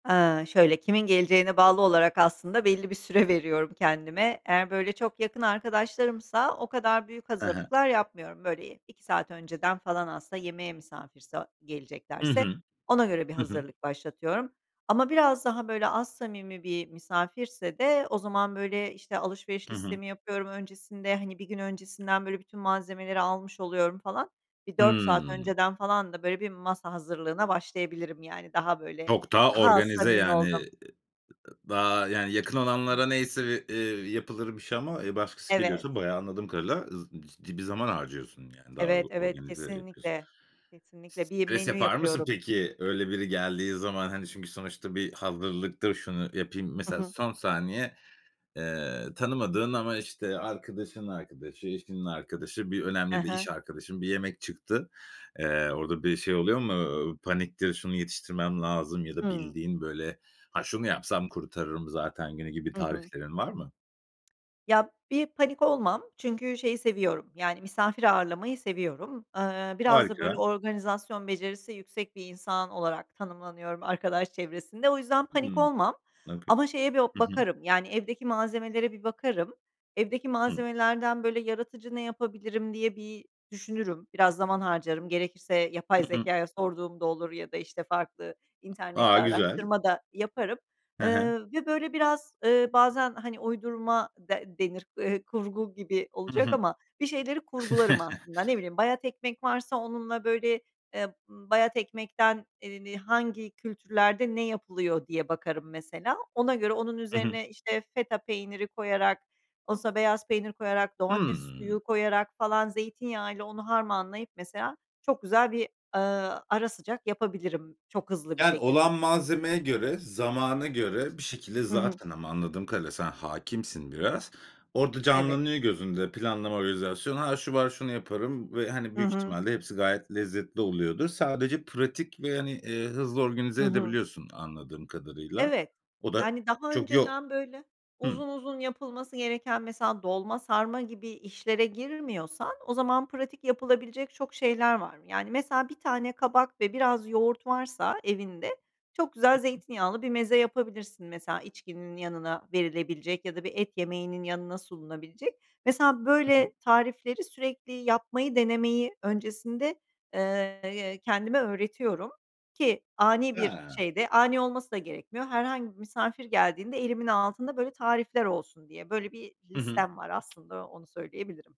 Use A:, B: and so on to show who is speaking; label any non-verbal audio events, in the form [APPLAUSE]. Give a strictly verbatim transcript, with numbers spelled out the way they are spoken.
A: Eee, şöyle kimin geleceğine bağlı olarak aslında belli bir süre veriyorum kendime. Eğer, böyle, çok yakın arkadaşlarımsa o kadar büyük
B: Hı hı.
A: hazırlıklar yapmıyorum. Böyle y iki saat önceden falan aslında yemeğe misafirse
B: Hı
A: geleceklerse
B: hı.
A: ona göre bir
B: Hı hı.
A: hazırlık başlatıyorum. Ama biraz daha, böyle, az samimi bir misafirse de o zaman, böyle, işte, alışveriş
B: Hı hı.
A: listemi yapıyorum öncesinde, hani, bir gün öncesinden, böyle, bütün malzemeleri almış oluyorum, falan. Bir dört saat
B: Hıı.
A: önceden falan da, böyle, bir masa hazırlığına başlayabilirim, yani, daha, böyle,
B: Çok daha
A: daha az
B: organize,
A: samimi
B: yani. Iıı,
A: olduğum
B: ııı, daha, yani, yakın olanlara neyse bir, eee, yapılır bir şey ama, eee, başkası
A: Evet.
B: geliyorsa bayağı, anladım kadarıyla, z biz ciddi bir zaman harcıyorsun yani. Daha
A: Evet, evet.
B: organize yapıyorsun.
A: Kesinlikle, kesinlikle. Bir
B: Stres
A: menü
B: yapar mısın
A: yapıyorum.
B: peki, öyle biri geldiği zaman? Hani, çünkü sonuçta bir hazırlıktır, şunu yapayım.
A: Hı
B: Mesela,
A: hı.
B: son saniye, eee, tanımadığın ama, işte, arkadaşının arkadaşı, eşinin arkadaşı, bir
A: Hı
B: önemli de iş
A: hı.
B: arkadaşın bir yemek çıktı. Eee, orada bir şey oluyor mu? Iıı, paniktir, şunu yetiştirmem lazım ya da
A: Hıı.
B: bildiğin, böyle, "Ha, şunu yapsam kurtarırım zaten günü." gibi
A: Hı hı.
B: tariflerin var mı?
A: Ya, bir panik olmam. Çünkü şeyi seviyorum, yani, misafir ağırlamayı seviyorum. Iıı, biraz da, böyle,
B: Harika.
A: organizasyon becerisi yüksek bir insan olarak tanımlanıyorum arkadaş çevresinde. O yüzden panik
B: Hıı,
A: olmam.
B: okay.
A: Ama şeye bir
B: Hı hı.
A: bakarım, yani, evdeki malzemelere bir bakarım. Evdeki
B: Hı.
A: malzemelerden, böyle, yaratıcı ne yapabilirim diye bir düşünürüm, biraz zaman harcarım, gerekirse yapay
B: Hı hı.
A: zekâya sorduğum da olur. Ya da, işte, farklı
B: A!
A: internette
B: Güzel.
A: araştırma da yaparım.
B: Hı hı.
A: Iıı, ve böyle biraz, ııı, bazen, hani, uydurma de denir, eee, kurgu gibi
B: Hı
A: olacak
B: hı.
A: ama bir şeyleri kurgularım,
B: [CHUCKLES]
A: aslında. Ne bileyim, bayat ekmek varsa onunla böyle, eee, bayat ekmekten, eee, ni hangi kültürlerde ne yapılıyor, diye bakarım, mesela. Ona göre onun
B: Hı hı.
A: üzerine, işte, feta peyniri koyarak, olsa beyaz peynir koyarak, domates
B: Hıı.
A: suyu koyarak falan zeytinyağıyla onu harmanlayıp, mesela, çok güzel bir, ııı, ara sıcak yapabilirim çok hızlı bir
B: Yani,
A: şekilde.
B: olan malzemeye göre, zamana göre bir şekilde,
A: Hı hı.
B: zaten ama anladığım kadarıyla, sen hâkimsin biraz, orada
A: Evet.
B: canlanıyor gözünde, planlama organizasyon. "Ha, şu var şunu yaparım." Ve, hani,
A: I
B: büyük
A: hı.
B: ihtimalle hepsi gayet lezzetli oluyordur. Sadece pratik ve, hani, ııı, hızlı organize
A: Hı hı.
B: edebiliyorsun, anladığım kadarıyla.
A: Evet.
B: O da,
A: Yani, daha
B: çok yo
A: önceden, böyle,
B: Hı.
A: uzun uzun yapılması gereken mesela, dolma, sarma gibi işlere girmiyorsan, o zaman pratik yapılabilecek çok şeyler var. Yani, mesela bir tane kabak ve biraz yoğurt varsa evinde, çok
B: Hı
A: güzel
B: hı.
A: zeytinyağlı bir meze yapabilirsin. Mesela, içkinin yanına verilebilecek ya da bir et yemeğinin yanına sunulabilecek. Mesela,
B: Hı hı.
A: böyle tarifleri sürekli yapmayı denemeyi öncesinde, eee, y kendime öğretiyorum ki ani bir
B: A!
A: şeyde, ani olması da gerekmiyor, herhangi bir misafir geldiğinde elimin altında böyle tarifler olsun diye. Böyle bir
B: Hı hı.
A: listem var aslında, onu söyleyebilirim.